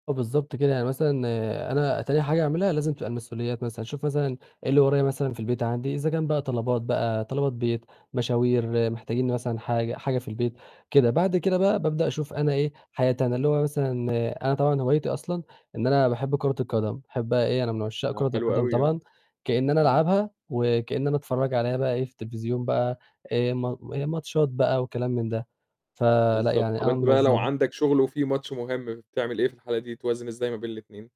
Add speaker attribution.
Speaker 1: آه، بالضبط كده. يعني مثلًا، أنا تاني حاجة اعملها لازم تبقى المسؤوليات مثلًا، أشوف مثلًا إيه اللي ورايا مثلًا، في البيت عندي، إذا كان بقى طلبات بقى طلبات بيت، مشاوير محتاجين مثلًا حاجة حاجة في البيت كده، بعد كده بقى بابدأ أشوف أنا إيه، حياتي أنا اللي هو مثلًا أنا طبعًا هوايتي أصلًا إن أنا باحب كورة القدم، باحبّها إيه أنا من عُشّاق
Speaker 2: ياه!
Speaker 1: كورة
Speaker 2: حلو
Speaker 1: القدم
Speaker 2: أوي، آه،
Speaker 1: طبعًا، كإن أنا
Speaker 2: إمم.
Speaker 1: ألعبها وكإن أنا أتفرّج عليها بقى إيه، في التليفزيون بقى آآ ما ماتشات بقى وكلام من ده. فلأ،
Speaker 2: بالضبط،
Speaker 1: يعني
Speaker 2: طَب
Speaker 1: أنا
Speaker 2: أنت بقى، لو
Speaker 1: منظّمها.
Speaker 2: عندك شُغل وفي ماتش مهم، فبتعمل إيه في الحالة دي، توازن إزاي ما بين ال2؟